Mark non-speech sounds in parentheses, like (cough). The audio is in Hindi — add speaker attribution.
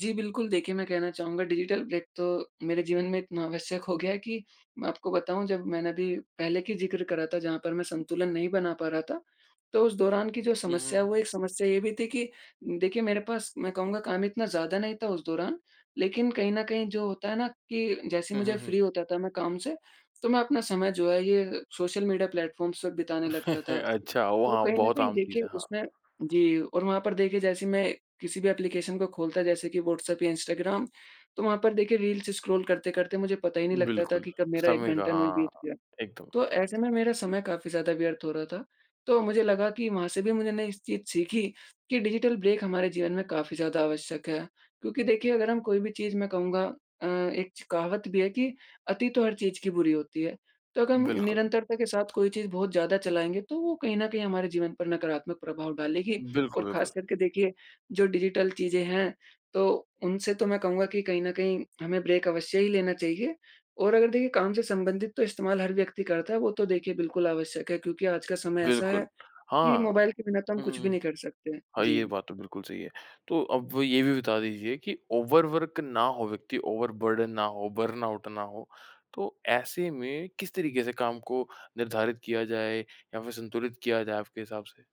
Speaker 1: जी, बिल्कुल देखिए, मैं कहना चाहूँगा डिजिटल ब्रेक तो मेरे जीवन में इतना आवश्यक हो गया है कि मैं आपको बताऊँ जब मैंने अभी पहले की ज़िक्र करा था जहाँ पर मैं संतुलन नहीं बना पा रहा था, तो उस दौरान की जो
Speaker 2: हुँ, हुँ,
Speaker 1: समस्या है
Speaker 2: हुँ।
Speaker 1: वो एक समस्या ये भी थी कि उम, देखिए मेरे पास मैं कहूँगा काम इतना ज़्यादा नहीं था उस दौरान। लेकिन कहीं न कहीं जो होता है ना कि जैसे ही
Speaker 2: हुँ, हुँ,
Speaker 1: मुझे
Speaker 2: हुँ।
Speaker 1: फ्री होता था मैं काम से, तो मैं अपना समय जो है ये सोशल मीडिया प्लेटफॉर्म्स पे बिताने लगता
Speaker 2: (chuckles)
Speaker 1: था।
Speaker 2: अच्छा वो
Speaker 1: तो
Speaker 2: हाँ,
Speaker 1: कहीं न
Speaker 2: बहुत
Speaker 1: कहीं
Speaker 2: आम चीज़
Speaker 1: देखिए
Speaker 2: है, हाँ।
Speaker 1: उसमें जी और वहाँ पर देखिए जैसे मैं किसी भी एप्लीकेशन को खोलता जैसे कि व्हाट्सएप या इंस्टाग्राम, तो वहाँ पर देखिए रील्स स्क्रॉल करते-करते मुझे पता ही नहीं लगता था
Speaker 2: बिल्कुल।
Speaker 1: कि कब मेरा 1
Speaker 2: समय का
Speaker 1: घंटा नू ही
Speaker 2: हाँ,
Speaker 1: बीत गया।
Speaker 2: एकदम, एकदम,
Speaker 1: तो
Speaker 2: एकदम।
Speaker 1: ऐसे में मेरा समय काफ़ी ज़्यादा व्यर्थ हो रहा था तो मुझे लगा कि वहाँ से भी मुझे नई चीज़ सीखी कि डिजिटल ब्रेक हमारे जीवन में काफ़ी ज़्यादा आवश्यक है। क्योंकि देखिए अगर हम कोई भी चीज़ मैं कहूँगा अ, एक च कहावत भी है कि अति तो हर चीज़ की बुरी होती है तो अग हम
Speaker 2: बिल्कुल।
Speaker 1: निरंतरता के साथ कोई चीज़ बहुत ज़्यादा चलाएँगे तो वो कहीं न कहीं हमारे जीवन पर नकारात्मक प्रभाव डालेगी
Speaker 2: बिल्कुल,
Speaker 1: और
Speaker 2: बिल्कुल।
Speaker 1: खासकर के देखिए जो डिजिटल चीज़ें हैं, तो उनसे तो मैं कहूँगा कि कहीं न कहीं हमें ब्रेक अवश्य ही लेना चाहिए और अगर देखिए काम से संबंधित तो इस्तेमाल हर व्यक्ति करता है वो तो देखिए बिल्कुल आवश्यक है क्योंकि आज का समय ऐसा है
Speaker 2: बिल्कुल।
Speaker 1: कि
Speaker 2: हाँ।
Speaker 1: मोबाइल के बिना तो हम
Speaker 2: हुँ, हुँ,
Speaker 1: कुछ भी
Speaker 2: हुँ।
Speaker 1: नहीं कर सकते हैं।
Speaker 2: हाँ, ये
Speaker 1: जी।
Speaker 2: बात तो बिल्कुल सही है, तो अब ये भी बता दीजिए कि ओवर वर्क ना हो व्यक्ति ओवर बर्डन ना हो, बर्नआउट ना हो, तो ऐसे में किस तरीके से काम को निर्धारित किया जाए या फिर संतुलित किया जाए आपके हिसाब से?